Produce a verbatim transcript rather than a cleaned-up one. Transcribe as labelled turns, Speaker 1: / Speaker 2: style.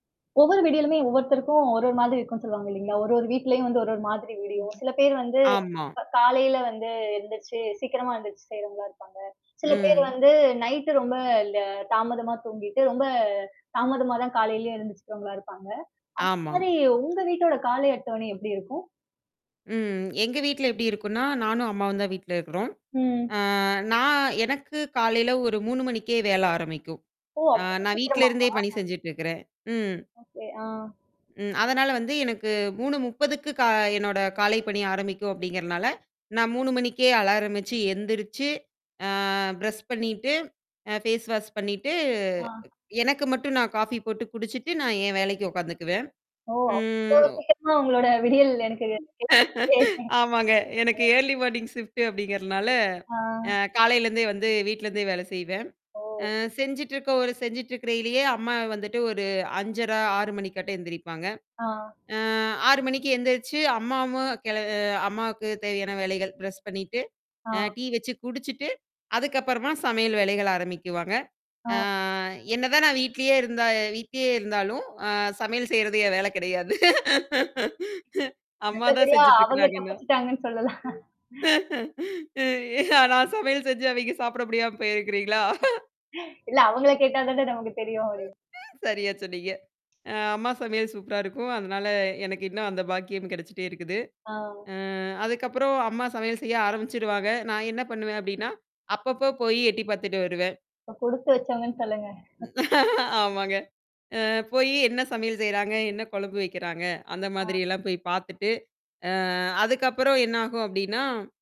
Speaker 1: ஒவ்வொரு விடியலுமே ஒவ்வொருத்தருக்கும் ஒரு ஒரு மாதிரி இருக்கும்ன்னு சொல்லுவாங்க இல்லைங்களா? ஒரு ஒரு வீட்லயும் வந்து ஒரு ஒரு மாதிரி விடியும். சில பேர் வந்து,
Speaker 2: ஆமா.
Speaker 1: க காலையில வந்து எந்திரிச்சு சீக்கிரமா எந்திரிச்சு செய்றவங்களா இருப்பாங்க. சில பேர்
Speaker 2: ம்.
Speaker 1: வந்து நைட்டு ரொம்ப ல் தாமதமா தூங்கிட்டு, ரொம்ப தாமதமா தான் காலையிலயும் எழுந்திச்சிக்கிறவங்களா இருப்பாங்க. அந்த
Speaker 2: ஆமாங்.
Speaker 1: மாதிரி உங்க வீட்டோட காலை அட்டவணை எப்படி இருக்கும்?
Speaker 2: ம். எங்க வீட்ல எப்படி இருக்கும்ன்னா நானும், அம்மாவும் தான் வீட்ல இருக்கிறோம்.
Speaker 1: ம்.
Speaker 2: அ நான் எனக்கு காலையில ஒரு மூணு மணிக்கே வேலை ஆரம்பிக்கும்.
Speaker 1: ஓ!
Speaker 2: அ
Speaker 1: அவ்வளோ
Speaker 2: நான்
Speaker 1: சீக்கிரமாவா?
Speaker 2: வீட்டிலருந்தே பணி செஞ்சுட்டு இருக்கிறேன். ம்.
Speaker 1: ஓகே, ஆ.
Speaker 2: ம் அதனால வந்து எனக்கு மூணு முப்பதுக்கு கா என்னோட காலைப் பணி ஆரம்பிக்கும் அப்படிங்கிறனால, நான் மூணு மணிக்கே அலாரம் வச்சு, எந்திரிச்சு அ ப்ரஷ் பண்ணீட்டு, அ ஃபேஸ் வாஷ் பண்ணீட்டு,
Speaker 1: ஆ.
Speaker 2: எனக்கு மட்டும் நான் காஃபி போட்டு குடிச்சிட்டு நான் என் வேலைக்கு உட்காந்துக்குவேன்.
Speaker 1: ஓ!
Speaker 2: ம்.
Speaker 1: அவ்வளோ
Speaker 2: ஒ
Speaker 1: சீக்கிரமா உங்களோட விடியல் எனக்கு
Speaker 2: ஆமாங்க, எனக்கு
Speaker 1: [unintelligible]
Speaker 2: ஏர்லி மார்னிங் ஷிஃப்ட்டு அப்படிங்கிறனால,
Speaker 1: ஆ.
Speaker 2: அ காலையிலேருந்தே வந்து வீட்லேருந்தே வேலை செய்வேன். அ
Speaker 1: ஓ.
Speaker 2: செஞ்சுட்ருக்க ஒரு செஞ்சுட்ருக்கறையிலேயே அம்மா வந்துட்டு ஒரு அஞ்சரை, ஆறு மணிக்காட்டம் எந்திரிப்பாங்க.
Speaker 1: ஆ.
Speaker 2: அ ஆறு மணிக்கு எந்திரிச்சு, அம்மாவும் கிள அம்மாவுக்கு தேவையான வேலைகள், பிரஷ் பண்ணீட்டு,
Speaker 1: ஆ.
Speaker 2: அ டீ வச்சு குடிச்சுட்டு, அதுக்கப்புறமா சமையல் வேலைகள் ஆரம்பிக்குவாங்க.
Speaker 1: ஆ.
Speaker 2: ஆ என்ன தான் நான் வீட்லேயே இருந்தா வீட்லயே இருந்தாலும், அ சமையல் செய்றது என் வேலை கிடையாது. அம்மா தான்
Speaker 1: நல்லபடியா
Speaker 2: செஞ்சுட்டு
Speaker 1: அவங்க
Speaker 2: இருக்கிறாங்க இன்னும்.
Speaker 1: தப்பிச்சுட்டாங்கன்னு சொல்லலாம்.
Speaker 2: ம். நான் சமையல் செஞ்சு, அவைங்க சாப்பிட முடியாம போயிருங்குறீங்களா?
Speaker 1: இல்ல அவங்கள கேட்டா தான நமக்கு தெரியும் இது.
Speaker 2: சரியா சொன்னீங்க. அம்மா சமையல் சூப்பரா இருக்கும். அதனால எனக்கு இன்னும் அந்த பாக்கியம் கிடைச்சிட்டே இருக்குது.
Speaker 1: ஆ.
Speaker 2: அ அதுக்கப்புறம் அம்மா சமையல் செய்ய ஆரம்பிச்சிருவாங்க. நான் என்ன பண்ணுவேன் அப்படின்னா, அப்பப்போ போய் எட்டி பார்த்துட்டு வருவேன்.
Speaker 1: அப்ப கொடுத்து வச்சவங்கன்னு சொல்லுங்க.
Speaker 2: ஆமாங்க. அ போய் என்ன சமையல் செய்றாங்க? என்ன குழம்பு வைக்கிறாங்க?
Speaker 1: ஆ.
Speaker 2: அந்தமாதிரியெல்லாம் போய் பார்த்துட்டு, அ அதுக்கப்புறம் என்ன ஆகும் அப்படின்னா